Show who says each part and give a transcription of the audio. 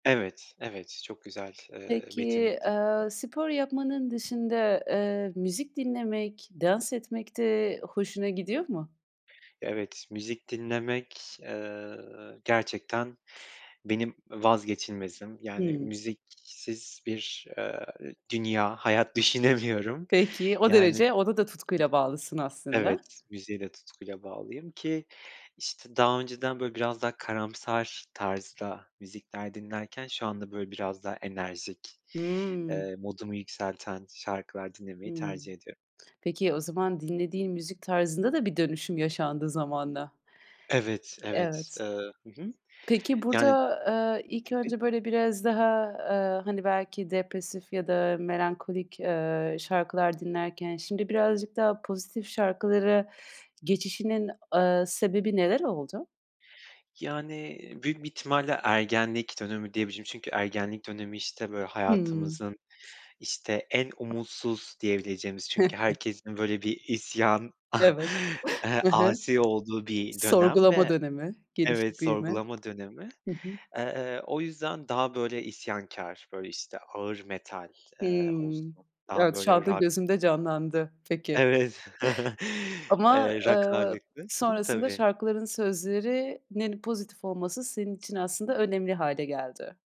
Speaker 1: Evet, evet, çok güzel, eee,
Speaker 2: Peki,
Speaker 1: betimledin.
Speaker 2: eee, spor yapmanın dışında, eee, müzik dinlemek, dans etmek de hoşuna gidiyor mu?
Speaker 1: Evet, müzik dinlemek, eee, gerçekten benim vazgeçilmezim, yani
Speaker 2: Hıı.
Speaker 1: müziksiz bir, eee, dünya, hayat düşünemiyorum.
Speaker 2: Peki. O
Speaker 1: Yani, hı hı
Speaker 2: derece, ona da tutkuyla bağlısın aslında.
Speaker 1: Evet, müziğe de tutkuyla bağlıyım, ki işte daha önceden böyle biraz daha karamsar tarzda müzikler dinlerken, şu anda, böyle, biraz daha enerjik,
Speaker 2: Hıı.
Speaker 1: eee, modumu yükselten şarkılar dinlemeyi
Speaker 2: Hıı.
Speaker 1: tercih ediyorum.
Speaker 2: Peki, o zaman dinlediğin müzik tarzında da bir dönüşüm yaşandı zamanla.
Speaker 1: Evet, evet.
Speaker 2: Evet.
Speaker 1: Iıı, hı hı.
Speaker 2: Peki,
Speaker 1: Yani
Speaker 2: burada, eee, ilk
Speaker 1: Tabii.
Speaker 2: önce, böyle biraz daha, eee, hani, belki depresif, ya da melankolik, eee, şarkılar dinlerken, şimdi, birazcık daha pozitif şarkılara geçişinin, ııı, sebebi neler oldu?
Speaker 1: Yani, büyük bir ihtimalle, ergenlik dönemi diyebilirim, çünkü ergenlik dönemi, işte, böyle,
Speaker 2: Hıı.
Speaker 1: hayatımızın, işte, en umutsuz diyebileceğimiz, çünkü, herkesin, böyle, bir isyan,
Speaker 2: Evet.
Speaker 1: eee,
Speaker 2: Hı hı.
Speaker 1: asi olduğu bir dönem,
Speaker 2: Sorgulama
Speaker 1: ve
Speaker 2: dönemi,
Speaker 1: Evet,
Speaker 2: gelişip büyüme.
Speaker 1: sorgulama dönemi.
Speaker 2: Hı hı.
Speaker 1: Eee, o yüzden, daha böyle isyankâr, böyle, işte ağır metal, eee,
Speaker 2: Hıı.
Speaker 1: olsun daha
Speaker 2: Evet, şu
Speaker 1: böyle
Speaker 2: anda
Speaker 1: Rock.
Speaker 2: gözümde canlandı. Peki.
Speaker 1: Evet,
Speaker 2: Ama,
Speaker 1: eee, Rock
Speaker 2: ııı,
Speaker 1: ağırlıklı. Hı hı
Speaker 2: sonrasında
Speaker 1: tabii.
Speaker 2: şarkıların sözlerinin pozitif olması, senin için aslında önemli hâle geldi.